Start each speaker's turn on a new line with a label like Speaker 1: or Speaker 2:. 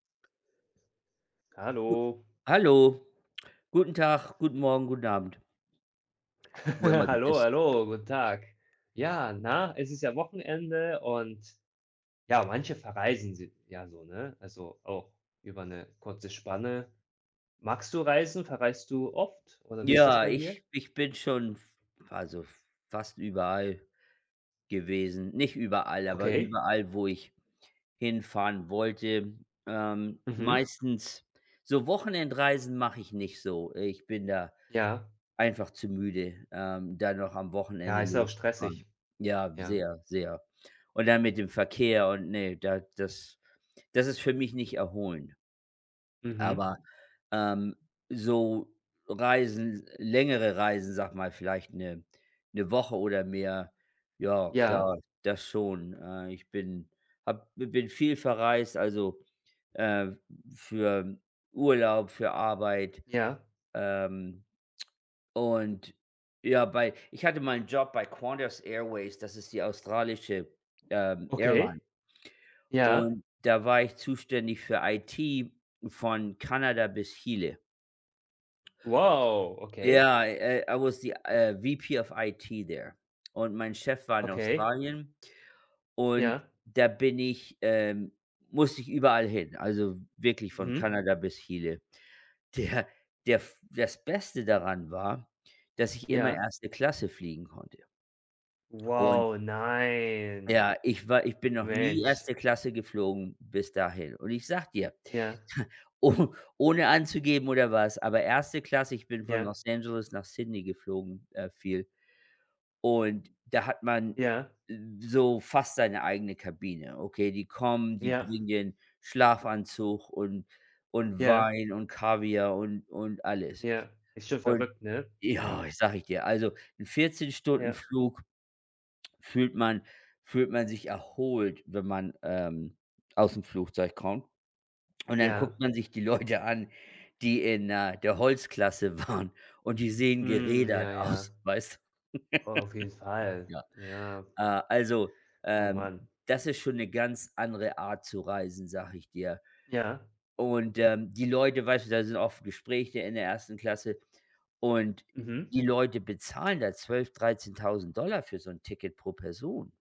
Speaker 1: Gut
Speaker 2: Hallo.
Speaker 1: Hallo. Guten Tag, guten Morgen, guten Abend. Wo immer du
Speaker 2: Hallo,
Speaker 1: bist.
Speaker 2: hallo. Guten Tag. Ja, na, es ist ja Wochenende und ja, manche verreisen si ja so, ne? Also auch über 'ne kurze Spanne. Magst du Reisen, verreist du oft, oder wie ist das
Speaker 1: Ja,
Speaker 2: bei dir?
Speaker 1: ich ich bin schon, f also fast überall gewesen. Nicht überall, aber
Speaker 2: Okay.
Speaker 1: überall, wo ich hinfahren wollte, ähm,
Speaker 2: Mhm.
Speaker 1: meistens so Wochenendreisen mache ich nicht so, ich bin da
Speaker 2: Ja.
Speaker 1: einfach zu müde, ähm, da noch am
Speaker 2: Ja,
Speaker 1: Wochenende
Speaker 2: ist ja auch
Speaker 1: loszufahren.
Speaker 2: stressig.
Speaker 1: Ja,
Speaker 2: Ja.
Speaker 1: sehr, sehr. Und dann mit dem Verkehr und ne, da das das ist für mich nicht erholend.
Speaker 2: Mhm.
Speaker 1: Aber, ähm, so Reisen s längere Reisen, sage mal, vielleicht 'ne 'ne Woche oder mehr, ja
Speaker 2: Ja.
Speaker 1: klar, das schon. Äh, ich bin habe bin viel verreist, also, äh, für Urlaub, für Arbeit.
Speaker 2: Ja.
Speaker 1: Ähm, und ja, bei ich hatte mal 'n Job bei Qantas Airways, das ist die australische, ähm, Airline.
Speaker 2: Okay. Ja.
Speaker 1: Und da war ich zuständig für IT von Kanada bis Chile.
Speaker 2: Wow, okay.
Speaker 1: Ja, äh, I was the, äh, VP of IT there und mein Chef war in
Speaker 2: Okay.
Speaker 1: Australien und
Speaker 2: Ja.
Speaker 1: da bin ich ähm, musste ich überall hin, also, wirklich von
Speaker 2: Mhm.
Speaker 1: Kanada bis Chile. Der der das Beste daran war, dass ich immer
Speaker 2: Ja.
Speaker 1: 1. Klasse fliegen konnte. Und
Speaker 2: Wow, nein.
Speaker 1: Ja, ich war ich bin noch nie
Speaker 2: Mensch.
Speaker 1: 1. Klasse geflogen bis dahin. Und ich sage dir,
Speaker 2: Ja.
Speaker 1: oh ohne anzugeben oder was, aber 1. Klasse ich bin von
Speaker 2: Ja.
Speaker 1: Los Angeles nach Sydney geflogen, äh, viel und da hat man
Speaker 2: Ja.
Speaker 1: so fast seine eigene Kabine. Okay, die kommen, die
Speaker 2: Ja.
Speaker 1: bringen dir 'n Schlafanzug und und
Speaker 2: Ja.
Speaker 1: Wein und Kaviar und und alles.
Speaker 2: Ja, ist schon
Speaker 1: Und
Speaker 2: verrückt, ne? Ja.
Speaker 1: ja, sage ich dir, also 'n 14 Stunden
Speaker 2: Ja.
Speaker 1: Flug fühlt man fühlt man sich erholt, wenn man, ähm, aus'm Flugzeug kommt. Und dann
Speaker 2: Ja.
Speaker 1: guckt man sich die Leute an, die in, äh, der Holzklasse waren und die sehen
Speaker 2: Hm,
Speaker 1: gerädert
Speaker 2: ja,
Speaker 1: aus,
Speaker 2: ja.
Speaker 1: weißt du.
Speaker 2: Oh, auf jeden Fall.
Speaker 1: Ja,
Speaker 2: Ja.
Speaker 1: äh, also,
Speaker 2: Oh,
Speaker 1: ähm,
Speaker 2: Mann.
Speaker 1: das ist schon 'ne ganz andere Art zu reisen, sage ich dir.
Speaker 2: Ja.
Speaker 1: Und, ähm, die Leute, weißt du da sind oft Gespräche in der 1. Klasse und
Speaker 2: Mhm.
Speaker 1: die Leute bezahlen da 12, 13.000 $ für so 'n Ticket pro Person.